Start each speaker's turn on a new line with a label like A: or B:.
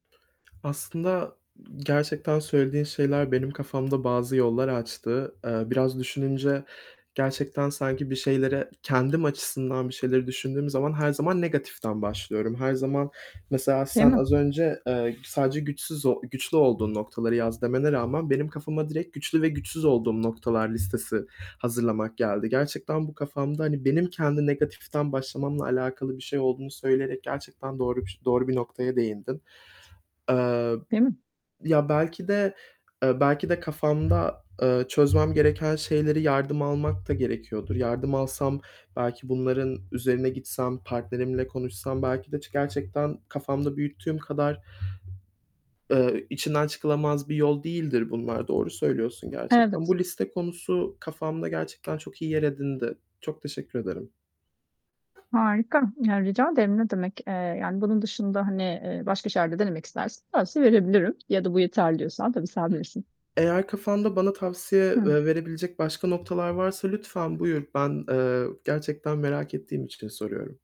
A: Aslında, gerçekten söylediğin şeyler benim kafamda bazı yollar açtı. Eee, biraz düşününce gerçekten sanki bir şeylere Kendim açısından bir şeyleri düşündüğüm zaman, her zaman negatiften başlıyorum. Her zaman mesela
B: Değil
A: sen
B: mi?
A: az önce, eee, sadece güçsüz o güçlü olduğun noktaları yaz demene rağmen benim kafama direkt güçlü ve güçsüz olduğum noktalar listesi hazırlamak geldi. Gerçekten bu kafamda hani benim kendi negatiften başlamamla alakalı bir şey olduğunu söyleyerek gerçekten doğru bir ş doğru bir noktaya değindin. Eee,
B: Değil mi?
A: ya, belki de, eee, belki de kafamda, eee, çözmem gereken şeyleri yardım almak da gerekiyordur. Yardım alsam, belki bunların üzerine gitsem, partnerimle konuşsam belki de ç gerçekten kafamda büyüttüğüm kadar, eee, içinden çıkılamaz bir yol değildir bunlar. Doğru söylüyorsun gerçekten.
B: Evet.
A: Bu liste konusu kafamda gerçekten çok iyi yer edindi. Çok teşekkür ederim.
B: Harika. Yani, rica ederim, ne demek. Eee, yani bunun dışında, hani, eee, başka şeyler de denemek istersen. Tavsiye verebilirim. Ya da, "Bu yeterli." diyorsan. Tabii, sen bilirsin.
A: Eğer kafanda bana tavsiye
B: Hı.
A: ve verebilecek başka noktalar varsa lütfen buyur. Ben, ııı, gerçekten merak ettiğim için soruyorum.